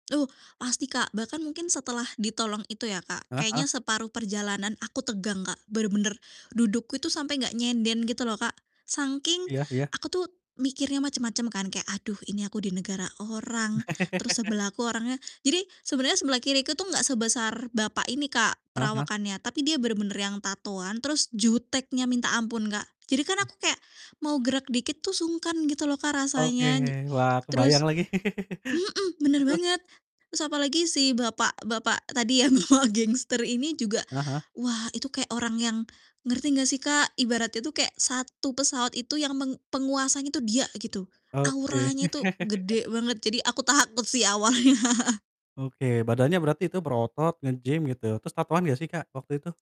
Uh pasti Kak bahkan mungkin setelah ditolong itu ya Kak Heeh heeh. kayaknya separuh perjalanan aku tegang Kak, bener-bener dudukku itu sampai gak nyender gitu loh Kak. Saking Iya iya. aku tuh mikirnya macem-macem kan kayak, "Aduh ini aku di negara orang terus sebelah aku orangnya" jadi sebenarnya sebelah kiriku tuh gak sebesar bapak ini Kak, Heeh heeh. perawakannya, tapi dia bener-bener yang tatoan terus juteknya minta ampun Kak. Jadi kan Mmm. aku kayak mau gerak dikit tuh sungkan gitu loh Kak Oke, rasanya di wah terus kebayang lagi. mhm, bener Terus terus? banget, terus apalagi si bapak-bapak tadi ya bapak gangster ini juga, Heeh heeh. wah itu kayak orang yang ngerti gak sih Kak? Ibaratnya itu kayak satu pesawat itu yang meng penguasanya tuh dia gitu. Oke. Auranya tuh gede banget jadi aku takut sih awalnya. Oke. Badannya berarti itu berotot, nge-gym gitu, terus tatoan gak sih Kak waktu itu?